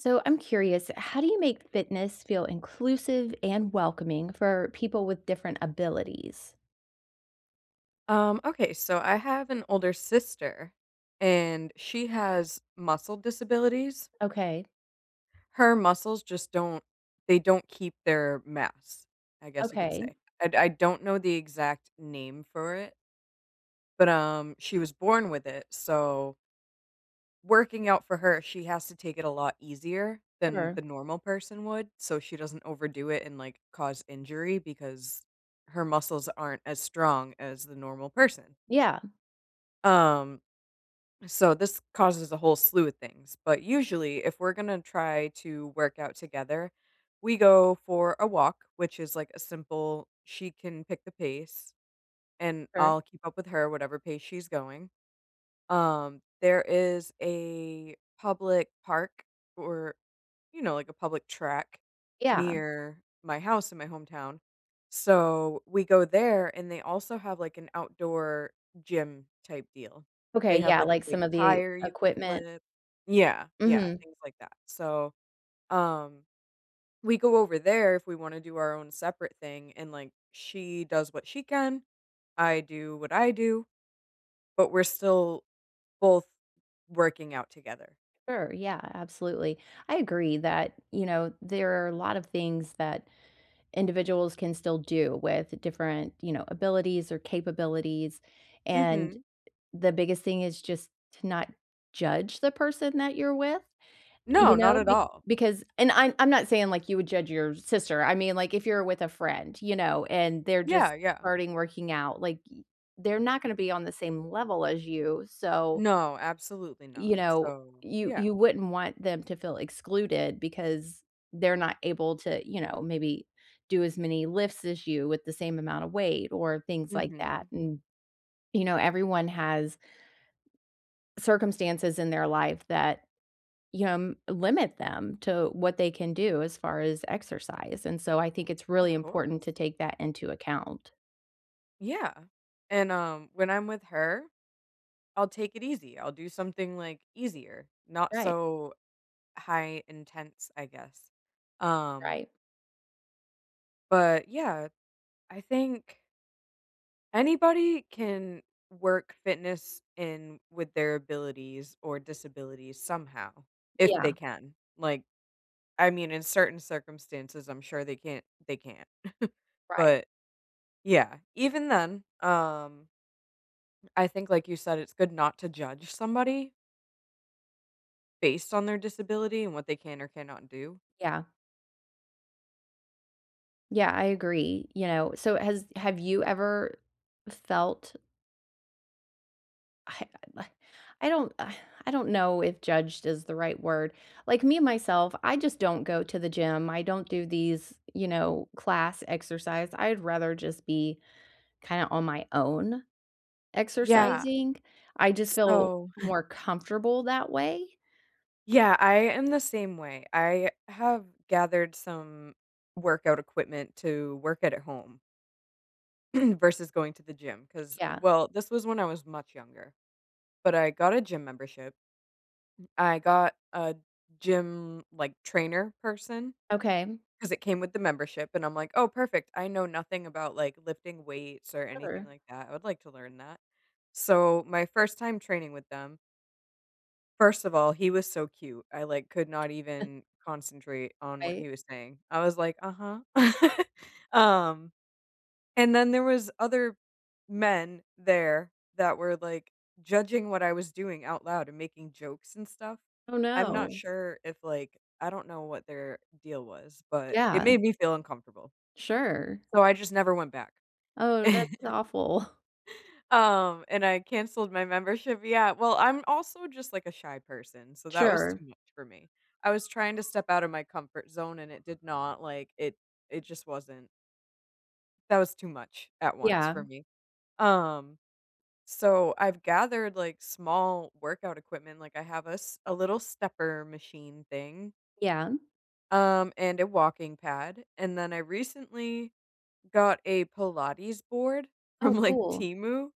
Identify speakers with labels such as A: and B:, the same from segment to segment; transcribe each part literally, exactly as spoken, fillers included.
A: So, I'm curious, how do you make fitness feel inclusive and welcoming for people with different abilities?
B: Um, okay, so I have an older sister, and she has muscle disabilities.
A: Okay.
B: Her muscles just don't they don't keep their mass, I guess you could
A: Okay.
B: say. I I don't know the exact name for it but, um, she was born with it, so working out for her, she has to take it a lot easier than
A: Sure.
B: the normal person would, so she doesn't overdo it and, like, cause injury because her muscles aren't as strong as the normal person.
A: Yeah.
B: Um so, this causes a whole slew of things, but usually, if we're gonna try to work out together, we go for a walk, which is, like, a simple she can pick the pace, and
A: Sure.
B: I'll keep up with her, or whatever pace she's going. Um, there is a public park or, you know, like a public track
A: Yeah.
B: near my house in my hometown. So, we go there, and they also have, like, an outdoor gym-type deal.
A: Okay,
B: They have,
A: yeah,
B: like, a
A: like,
B: big
A: some of the
B: tire you can
A: equipment?
B: flip yeah, yeah,
A: Mhm.
B: things like that, so, um we go over there if we want to do our own separate thing, and, like, she does what she can, I do what I do. But we're still both working out together.
A: Sure, yeah, absolutely, I agree that, you know, there are a lot of things that individuals can still do with different, you know, abilities or capabilities, and
B: Mhm.
A: the biggest thing is just to not judge the person that you're with, eh,
B: No,
A: you
B: not
A: know?
B: at
A: Be
B: all.
A: because and I'm I'm not saying, like, you would judge your sister, I mean, like, if you're with a friend, you know, and they're just
B: Yeah, yeah.
A: starting working out, like, they're not gonna be on the same level as you, so,
B: No, absolutely not,
A: you know,
B: so
A: you
B: yeah.
A: you wouldn't want them to feel excluded because they're not able to, you know, maybe do as many lifts as you with the same amount of weight or things like that,
B: Mhm.
A: and, you know, everyone has circumstances in their life that, you know, m limit them to what they can do as far as exercise, and so I think it's really
B: Of course.
A: important to take that into account.
B: Yeah. And, um, when I'm with her, I'll take it easy, I'll do something, like, easier, not
A: Right.
B: so, high intense, I guess. Um
A: Right.
B: but, yeah, I think anybody can work fitness in with their abilities or disabilities, somehow if they
A: Yeah.
B: can, like, I mean, in certain circumstances, I'm sure they can't they can't.
A: Right.
B: But yeah, even then, um I think, like you said, it's good not to judge somebody based on their disability and what they can or cannot do.
A: Yeah. Yeah, I agree, you know, so has have you ever, felt I [unintelligible] I don't I don't know if "judged" is the right word. Like, me myself, I just don't go to the gym, I don't do these, you know, class exercise, I'd rather just be, kinda on my own,
B: Yeah.
A: exercising. I just feel
B: So
A: more comfortable that way.
B: Yeah. I am the same way. I have gathered some workout equipment to work at home versus going to the gym 'cause
A: Yeah.
B: well, this was when I was much younger. But I got a gym membership. M I got a gym, like, trainer person
A: Okay.
B: 'cause it came with the membership, and I'm, like, "Oh, perfect. I know nothing about, like, lifting weights or anything
A: Sure.
B: like that. I would like to learn that." So my first time training with them first of all, he was so cute. I, like, could not even concentrate on what
A: Right.
B: he was saying. I was, like, "Uh-huh," um, and then there was other men there that were, like, judging what I was doing out loud and making jokes and stuff.
A: Oh,
B: I'm not
A: no.
B: sure if, like I don't know what their deal was, but it
A: Yeah.
B: made me feel uncomfortable
A: Sure.
B: so I just never went back.
A: Oh, that's awful.
B: Um, and I cancelled my membership. Yeah. Well, I'm also just, like, a shy person, so that was
A: Sure.
B: too much for me. I was trying to step out of my comfort zone and it did not, like it it just wasn't That was too much at once for
A: Yeah.
B: me. Um, so, I've gathered, like, small workout equipment, like, I have a s a little stepper machine thing
A: Yeah.
B: um, and a walking pad. And then I recently got a Pilates board
A: Oh,
B: from like,
A: cool.
B: Temu,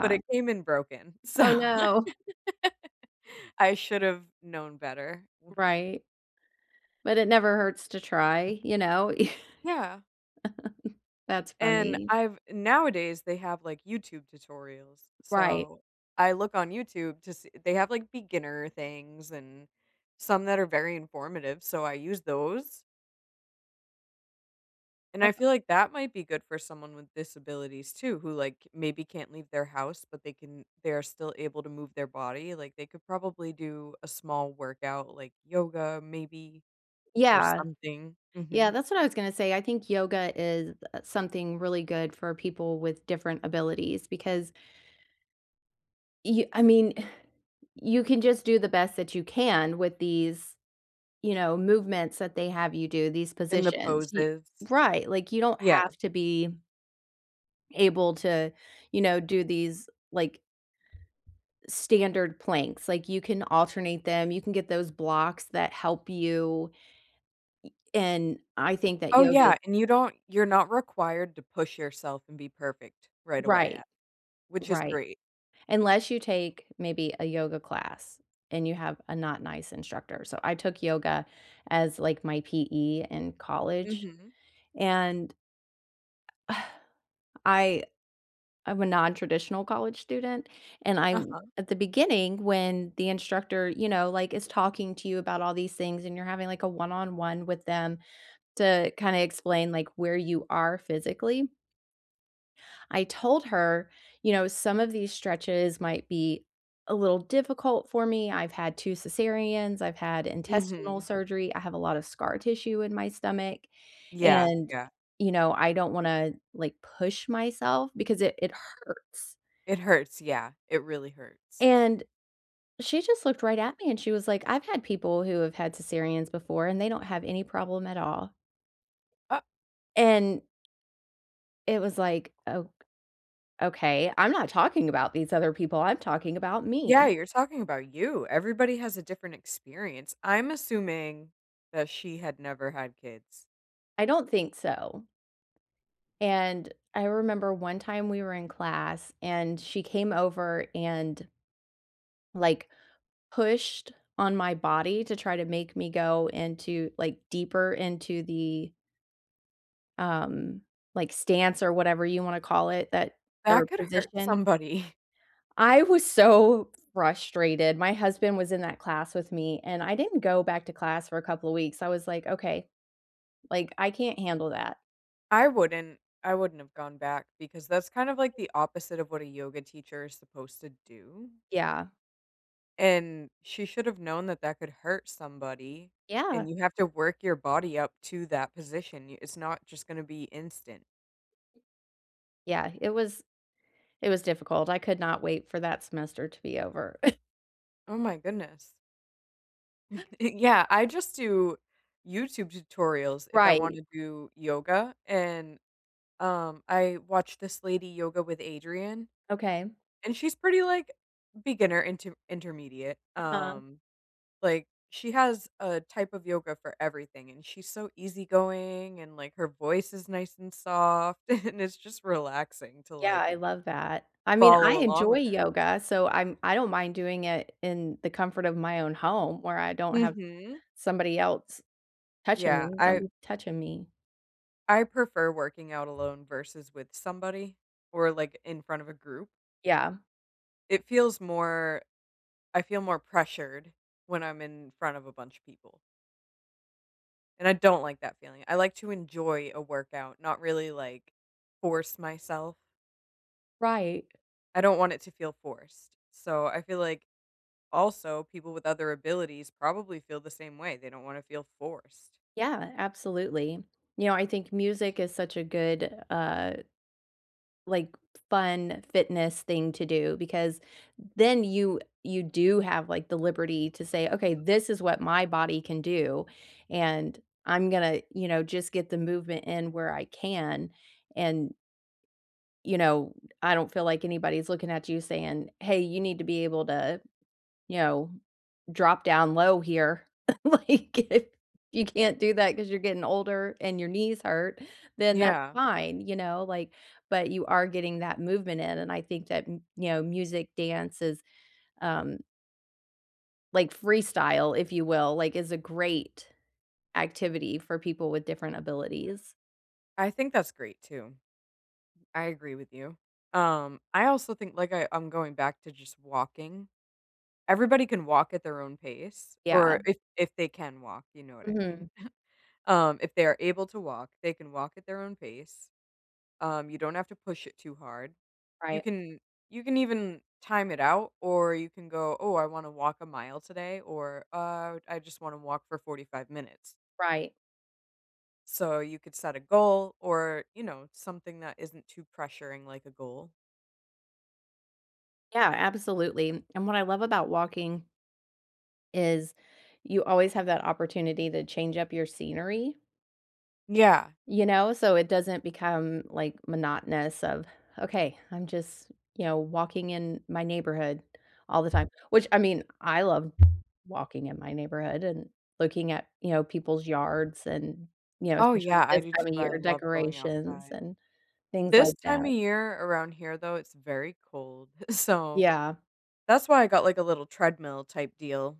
B: but it came in broken. So
A: Oh, no.
B: I should have known better.
A: Right. But it never hurts to try. You know?
B: Yeah.
A: That's
B: And
A: funny.
B: I've nowadays, they have, like, YouTube tutorials,
A: Right.
B: so I look on YouTube to see they have like beginner things and some that are very informative, so I use those. And I
A: That's aw
B: feel like that might be good for someone with disabilities too, who, like, maybe can't leave their house, but they can they are still able to move their body. Like, they could probably do a small workout, like, yoga maybe or
A: Yeah.
B: something.
A: Yeah,
B: Mhm.
A: that's what I was gonna say, I think yoga is, uh, something really good for people with different abilities because y I mean, you can just do the best that you can with these, you know, movements that they have you do, these
B: And the
A: positions, y
B: poses.
A: Right. Like, you don't
B: Yeah.
A: have to be able to, you know, do these, like standard planks. Like, you can alternate them, you can get those blocks that help you. Y and I think that
B: Oh,
A: yoga
B: yeah, and you don't you're not required to push yourself and be perfect right away, a
A: Right.
B: which is
A: Right.
B: great.
A: Unless you take maybe a yoga class and you have a not nice instructor. So, I took yoga as, like, my PE in college,
B: Mhm.
A: and I I'm a nontraditional college student, and I
B: Uh-huh.
A: at the beginning, when the instructor, you know, like, is talking to you about all these things and you're having, like, a one on one with them to kinda explain, like, where you are physically I told her, you know, some of these stretches might be a little difficult for me, I've had two cesareans, I've had intestinal
B: Mhm.
A: surgery. I have a lot of scar tissue in my stomach,
B: Yeah.
A: and,
B: Yeah.
A: you know, I don't wanna, like, push myself because it it hurts.
B: It hurts, yeah, it really hurts.
A: And she just looked right at me, and she was like, "I've had people who have had cesareans before, and they don't have any problem at all."
B: Uh
A: And it was like, ok okay. I'm not talking about these other people. I'm talking about
B: Yeah.
A: me.
B: You're talking about you. Everybody has a different experience. I'm assuming that she had never had kids.
A: I don't think so. And I remember one time we were in class, and she came over and like, pushed on my body to try to make me go into, like, deeper into the um, like, stance or whatever you wanna call it that or
B: That could hurt
A: position.
B: somebody.
A: I was so frustrated. My husband was in that class with me, and I didn't go back to class for a couple of weeks. I was like, "Okay," like, "I can't handle that."
B: I wouldn't I wouldn't have gone back because that's kind of like the opposite of what a yoga teacher is supposed to do.
A: Yeah.
B: And she should’ve known that that could hurt somebody,
A: Yeah.
B: and you have to work your body up to that position. Y it's not just gonna be instant.
A: Yeah, it was it was difficult. I could not wait for that semester to be over.
B: Oh my goodness. Yeah, I just do YouTube tutorials if I
A: Right.
B: wanna do yoga, and, um, I watch this lady: Yoga With Adriene,
A: Okay.
B: and she's pretty like beginner inter intermediate,
A: Uh-huh.
B: um, like, she has a type of yoga for everything, and she's so easygoing, and, like, her voice is nice and soft, and it's just relaxing to
A: Yeah,
B: like
A: I love that. I mean, I
B: follow along
A: enjoy
B: with her.
A: yoga, so I'm, I don't mind doing it in the comfort of my own home where I don't have
B: Mhm.
A: somebody else touching
B: Yeah.
A: me. Don't
B: I
A: be touching me.
B: I prefer working out alone versus with somebody or, like, in front of a group.
A: Yeah.
B: It feels more I feel more pressured when I'm in front of a bunch of people. And I don't like that feeling. I like to enjoy a workout, not really, like, force myself.
A: Right.
B: I don't want it to feel forced, so I feel, like, also, people with other abilities probably feel the same way, they don't wanna feel forced.
A: Yeah, absolutely. You know, I think music is such a good, uh like, f fun, fitness thing to do, because then you you do have, like, the liberty to say, "Okay, this is what my body can do, and I'm gonna," you know, "just get the movement in where I can." And you know, I don't feel like anybody's looking at you saying, "Hey, you need to be able to," you know, "drop down low here." Like, if you can't do that 'cause you're getting older and your knees hurt, then that's
B: Yeah.
A: fine, you know? Like, but you are getting that movement in, and I think that, y you know, music, dance is, um like, freestyle, if you will, like, is a great activity for people with different abilities.
B: I think that's great, too. I agree with you. Um, I also think, like I I'm going back to just walking. Everybody can walk at their own pace
A: Yeah.
B: or if if they can walk, you know what I mean.
A: Mhm.
B: Um, if they are able to walk, they can walk at their own pace. Um, you don't have to push it too hard. You
A: Right.
B: can you can even time it out or you can go, "Oh, I wanna walk a mile today," or "Uh, I just wanna walk for forty-five minutes."
A: Right.
B: So, you could set a goal or, you know, something that isn't too pressuring like a goal.
A: Yeah, absolutely. And what I love about walking is you always have that opportunity to change up your scenery.
B: Yeah.
A: You know, so it doesn't become, like, monotonous of, "Okay, I'm just," you know, "walking in my neighborhood all the time," which, I mean, I love walking in my neighborhood and looking at, you know, people's yards and, you know,
B: Oh,
A: especially
B: yeah. I
A: this
B: do too.
A: time of
B: I
A: year,
B: love going
A: decorations
B: outside.
A: and things
B: This
A: like
B: time of
A: that.
B: year around here, though, it's very cold. So,
A: Yeah.
B: that's why I got, like, a little treadmill type deal.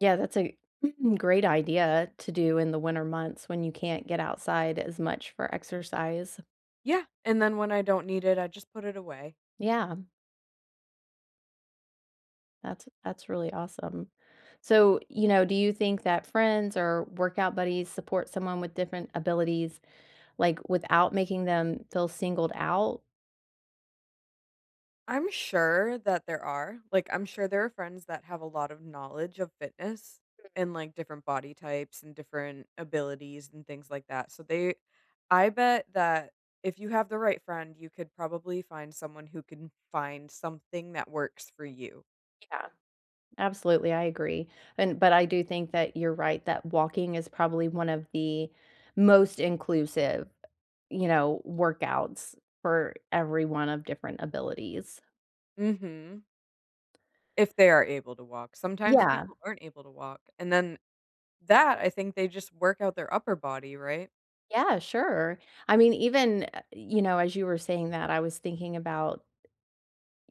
A: Yeah, that's a great idea to do in the winter months when you can't get outside as much for exercise.
B: Yeah, and then when I don't need it, I just put it away.
A: Yeah. That's that's really awesome. So, you know, do you think that friends or workout buddies support someone with different abilities, like, without making them feel singled out?
B: I’m sure that there are. Like, I’m sure there are friends that have a lot of knowledge of fitness,
A: Mhm.
B: and, like, different body types and different abilities, and things like that. So, they I bet that if you have the right friend, you could probably find someone who can find something that works for you.
A: Yeah. Absolutely, I agree. And but I do think that you’re right that walking is probably one of the most inclusive, you know, workouts for everyone of different abilities.
B: Mhm. If they are able to walk. Sometimes
A: Yeah.
B: people aren’t able to walk, and then that, I think they just work out their upper body, right?
A: Yeah, sure. I mean, even, u uh, you know, as you were saying that I was thinking about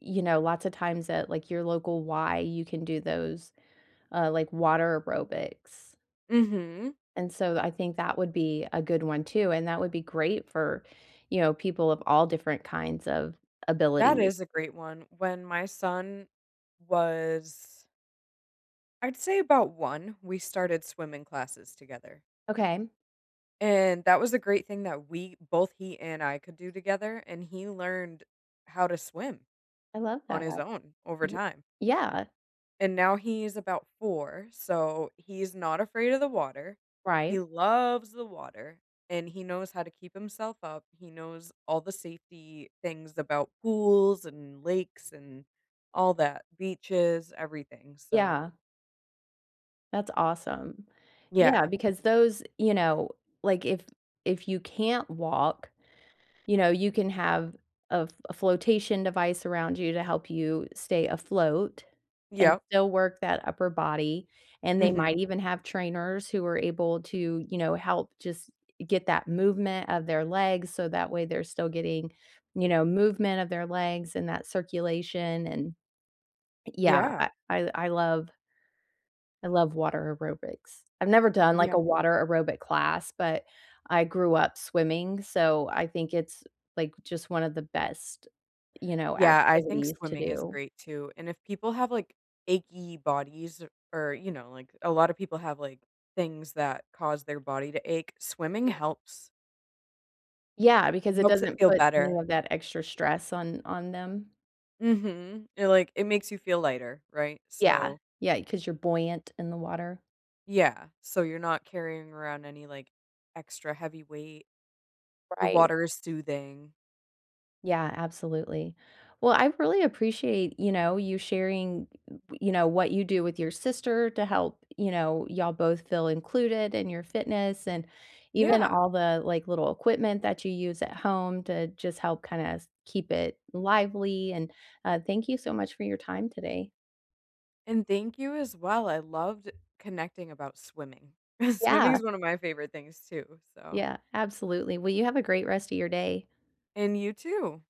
A: you know, lots of times at, like, your local Y, you can do those, uh, like, water aerobics
B: Mhm.
A: and so, I think that would be a good one too, and that would be great for, you know, people of all different kinds of
B: That
A: abilities.
B: is a great one. When my son was I’d say about one, we started swimming classes together.
A: Okay.
B: And, that was a great thing that we both he and I could do together, and he learned how to swim.
A: I love
B: On
A: that.
B: his own, over
A: Ye
B: time.
A: yeah.
B: And now, he is about four, so he is not afraid of the water. He
A: Right.
B: loves the water, and he knows how to keep himself up, he knows all the safety things about pools, and lakes, and all that beaches, everything, so
A: Yeah. That's awesome. Yeah,
B: Yeah.
A: because those, you know, like, if if you can't walk, you know, you can have a a flotation device around you to help you stay afloat and
B: Yep.
A: still work that upper body, and they might
B: Mhm.
A: even have trainers who are able to, you know, help just get that movement of their legs so that way they're still getting, you know, movement of their legs and that circulation, and yeah,
B: Yeah.
A: I I I love I love water aerobics. I've never done,
B: Yeah.
A: like, a water aerobic class, but I grew up swimming, so I think it's, like, just one of the best, you know,
B: Yeah, I think
A: activities to
B: swimming is
A: do.
B: great too, and if people have, like, achy bodies or or, you know, like, a lot of people have, like, things that cause their body to ache swimming
A: Mm.
B: helps
A: Yeah, because it
B: helps it
A: doesn't
B: feel
A: put any
B: better.
A: of that extra stress on on them.
B: Mhm, it, like, it makes you feel lighter, right?
A: Yeah,
B: So
A: yeah, 'cause you're buoyant in the water.
B: yeah, so you're not carrying around any, like, extra, heavy weight. The
A: Right.
B: water is soothing.
A: Yeah, absolutely. Well, I really appreciate, you know, you sharing, y you know, what you do with your sister to help, you know, y'all both feel included in your fitness, and even
B: Yeah.
A: all the, like, little equipment that you use at home to just help, kinda s keep it lively, and, uh, thank you so much for your time today.
B: And, thank you, as well, I loved connecting about swimming. Swimming
A: Yeah.
B: is one of my favorite things too, so
A: Yeah, absolutely, well, you have a great rest of your day.
B: And, you too.